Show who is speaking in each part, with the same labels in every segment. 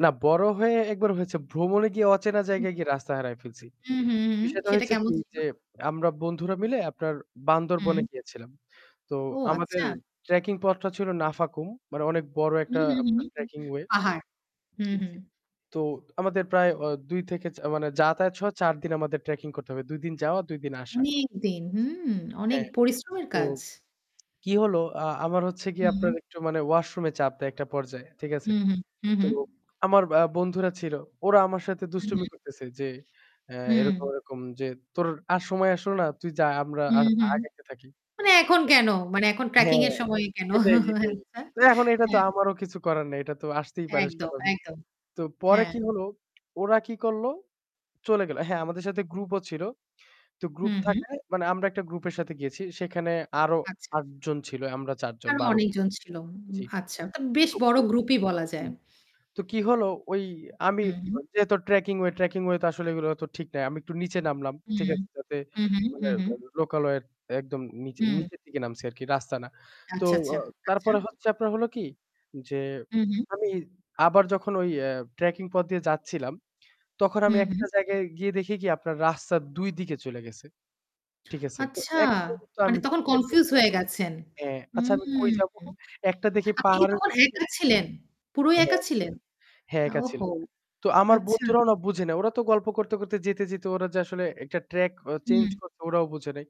Speaker 1: না, বড় হয়ে একবার হয়েছে ভ্রমণে গিয়ে অচেনা
Speaker 2: হুম।
Speaker 1: জায়গায় গিয়ে রাস্তা হারায় ফেলছি।
Speaker 2: হুম, হুম, হুম.
Speaker 1: বিষয়টা
Speaker 2: সেটা
Speaker 1: হয়েছে
Speaker 2: কেমন
Speaker 1: কি
Speaker 2: ছিল?
Speaker 1: যে আমরা বন্ধুরা মিলে আপনার বান্দরবনে
Speaker 2: হুম।
Speaker 1: গিয়েছিলাম। তো
Speaker 2: ও
Speaker 1: আমাদের
Speaker 2: আচ্ছা।
Speaker 1: ট্রেকিং পথটা ছিল নাফাকুম। মানে অনেক বড়
Speaker 2: হুম,
Speaker 1: একটা
Speaker 2: হুম, হুম।
Speaker 1: Trekking way.
Speaker 2: পাহাড়, হুম, হুম।
Speaker 1: জি। তো আমাদের প্রায় অ থেকে ও মানে যাতায়াত সহ ৪ দিন আমাদের ট্রেকিং করতে হবে। দুই দিন যাওয়া ২ দিন আসা।
Speaker 2: অনেক দিন। হুম, অনেক
Speaker 1: হ্যাঁ,
Speaker 2: পরিশ্রমের
Speaker 1: তো
Speaker 2: কাজ।
Speaker 1: কি হলো আ আমার হচ্ছে গিয়ে আপনার
Speaker 2: হুম।
Speaker 1: একটু মানে ওয়াশরুম এ চাপ দেয় একটা পর্যায়ে। ঠিক আছে?
Speaker 2: হুম, হুম। হুম,
Speaker 1: তো
Speaker 2: হুম।
Speaker 1: আমার আ বন্ধুরা ছিল। ওরা আমার সাথে
Speaker 2: হুম,
Speaker 1: দুষ্টুমি
Speaker 2: হুম।
Speaker 1: করতেছে যে অ্যা
Speaker 2: হুম।
Speaker 1: এরকম, এরকম যে তোর আর সময় আসলো না তুই যা আমরা আ
Speaker 2: হুম, হুম।
Speaker 1: আগাইতে থাকি।
Speaker 2: মানে এখন কেন? মানে এখন
Speaker 1: হ্যাঁ,
Speaker 2: ট্র্যাকিং এর সময়
Speaker 1: ভাই।
Speaker 2: কেন?
Speaker 1: এটাই, এটাই।
Speaker 2: আচ্ছা।
Speaker 1: তো এখন এটা তো
Speaker 2: হ্যাঁ।
Speaker 1: আমারও কিছু করার নেই। এটা তো আসতেই পারে
Speaker 2: একদম,
Speaker 1: স্বাভাবিক।
Speaker 2: একদম।
Speaker 1: তো পরে
Speaker 2: হ্যাঁ।
Speaker 1: কি হলো ওরা কি করল চলে গেল। হ্যাঁ, আমাদের সাথে গ্রুপ ও ছিল। তো
Speaker 2: হু,
Speaker 1: গ্রুপ
Speaker 2: হু।
Speaker 1: থাকায় মানে আমরা একটা গ্রুপের সাথে গিয়েছি। সেখানে আরও
Speaker 2: আচ্ছা।
Speaker 1: ৮ জন ছিল আমরা ৪ জন
Speaker 2: আরও
Speaker 1: ১২ জন।
Speaker 2: অনেকজন ছিল।
Speaker 1: জি।
Speaker 2: তো আচ্ছা বেশ
Speaker 1: তো
Speaker 2: বড় গ্রুপই বলা যায়।
Speaker 1: হুম। তো কি হলো ওই আমি
Speaker 2: হুম।
Speaker 1: যেহেতু ট্র্যাকিং ওয়ে ট্র্যাকিং ওয়ে তো আসলে এগুলো তো ঠিক নাই। আমি একটু নিচে নামলাম।
Speaker 2: হু।
Speaker 1: ঠিক আছে? যাতে
Speaker 2: হু, হু,
Speaker 1: মানে
Speaker 2: হু, হু।
Speaker 1: লোকালয়ের এর একদম নিচে
Speaker 2: হুম।
Speaker 1: নিচের দিকে নামছে আরকি রাস্তা না। তো
Speaker 2: আচ্ছা, আচ্ছা, আচ্ছা।
Speaker 1: তারপরে হচ্ছে আপনার হল কি যে
Speaker 2: হু, হু।
Speaker 1: আমি আবার যখন ওই অ্যা ট্র্যাকিং পথ দিয়ে যাচ্ছিলাম, তখন
Speaker 2: হু,
Speaker 1: আমি
Speaker 2: হু।
Speaker 1: একটা জায়গায় গিয়ে দেখি কি আপনার রাস্তা ২ দিকে চলে গেছে। ঠিক আছে তো
Speaker 2: আচ্ছা।
Speaker 1: এক পর্যন্ত
Speaker 2: মানে
Speaker 1: আমি
Speaker 2: তখন
Speaker 1: চিন্তায় পড়ে
Speaker 2: কনফিউজ
Speaker 1: গেলাম।
Speaker 2: হয়ে গেছেন।
Speaker 1: হ্যাঁ আচ্ছা আমি কই
Speaker 2: হুম।
Speaker 1: যাবো? একটা দেখি
Speaker 2: আপনি কি
Speaker 1: পাহাড়ের
Speaker 2: তখন
Speaker 1: [unintelligible]
Speaker 2: একা ছিলেন? পুরোই
Speaker 1: হ্যাঁ,
Speaker 2: একা
Speaker 1: একা
Speaker 2: ছিলেন?
Speaker 1: ছিলাম। হ্যাঁ
Speaker 2: আ
Speaker 1: একা ছিল।
Speaker 2: ওহো!
Speaker 1: তো আমার
Speaker 2: আচ্ছা।
Speaker 1: বন্ধুরাও না বুঝে নাই। ওরা তো গল্প করতে, করতে যেতে, যেতে ওরা যে আসলে একটা ট্রাক ও চেঞ্জ
Speaker 2: হুম।
Speaker 1: করছে ওরাও বুঝে নাই।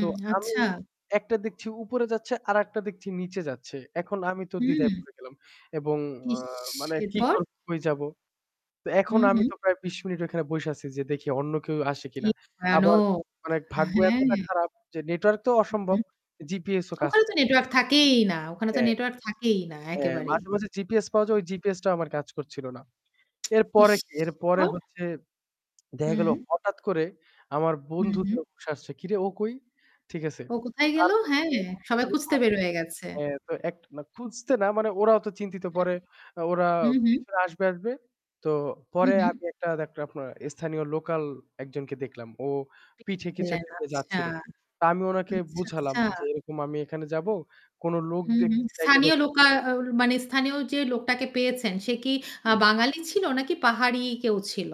Speaker 1: তো আমি
Speaker 2: আচ্ছা।
Speaker 1: একটা দেখছি উপরে যাচ্ছে আরেকটা দেখছি নিচে যাচ্ছে। এখন আমি তো দ্বিধায়
Speaker 2: হুম।
Speaker 1: পড়ে গেলাম এবং আ
Speaker 2: ইস!
Speaker 1: মানে কি
Speaker 2: এরপর?
Speaker 1: করব কই যাবো। তো
Speaker 2: হু,
Speaker 1: এখন আমি
Speaker 2: হু।
Speaker 1: তো প্রায় ২০ মিনিট ওখানে বইসা আছি যে দেখি অন্য কেউ আসে
Speaker 2: কি
Speaker 1: কিনা। আবার
Speaker 2: ভয়ানক।
Speaker 1: মানে ভাগ্য এতটা
Speaker 2: হ্যাঁ।
Speaker 1: খারাপ যে নেটওয়ার্ক তো
Speaker 2: হু,
Speaker 1: অসম্ভব।
Speaker 2: হুম।
Speaker 1: জিপিএস ও কাজ
Speaker 2: ওখানে তো নেটওয়ার্ক
Speaker 1: করতেছিলোনা।
Speaker 2: থাকেই না, ওখানে তো
Speaker 1: হ্যাঁ।
Speaker 2: নেটওয়ার্ক থাকেই না
Speaker 1: হ্যাঁ
Speaker 2: একেবারেই।
Speaker 1: মাঝে, মাঝে জিপিএস পাওয়া যায় ওই জিপিএস টাও আমার কাজ করছিল না। এরপরে
Speaker 2: ইস!
Speaker 1: কি, এরপরে
Speaker 2: এরপর।
Speaker 1: হচ্ছে দেখা গেল
Speaker 2: হুম।
Speaker 1: হঠাৎ করে আমার
Speaker 2: হুম,
Speaker 1: বন্ধুদের
Speaker 2: হুম।
Speaker 1: হুশ আসছে। কিরে ও কই? ঠিক আছে,
Speaker 2: ও কোথায় গেল?
Speaker 1: তারপরে
Speaker 2: হ্যাঁ,
Speaker 1: তো, এরকম করতে
Speaker 2: সবাই
Speaker 1: করতে
Speaker 2: খুঁজতে
Speaker 1: আমি
Speaker 2: বের হয়ে গেছে।
Speaker 1: হ্যাঁ, তো এক খুঁজতে না মানে ওরাও তো চিন্তিত
Speaker 2: হুম,
Speaker 1: পরে ওরা
Speaker 2: হুম, হুম।
Speaker 1: পিছনে আসবে, আসবে। তো
Speaker 2: হু,
Speaker 1: পরে
Speaker 2: হু।
Speaker 1: আমি একটা [unintelligible] আপনার স্থানীয় লোকাল একজনকে দেখলাম। ও পিঠে কিছু
Speaker 2: ছিলেন
Speaker 1: একটা নিয়ে
Speaker 2: আচ্ছা।
Speaker 1: যাচ্ছিল। তা আমি ওনাকে
Speaker 2: আচ্ছা,
Speaker 1: বুঝালাম
Speaker 2: আচ্ছা।
Speaker 1: যে এরকম আমি এখানে যাবো কোন লোক
Speaker 2: হু,
Speaker 1: দেখ
Speaker 2: হু
Speaker 1: যাইতে
Speaker 2: স্থানীয় লোকা মানে স্থানীয় যে লোকটাকে পেয়েছেন সে কি আ
Speaker 1: হুম।
Speaker 2: বাঙালি ছিল নাকি পাহাড়ি কেউ ছিল?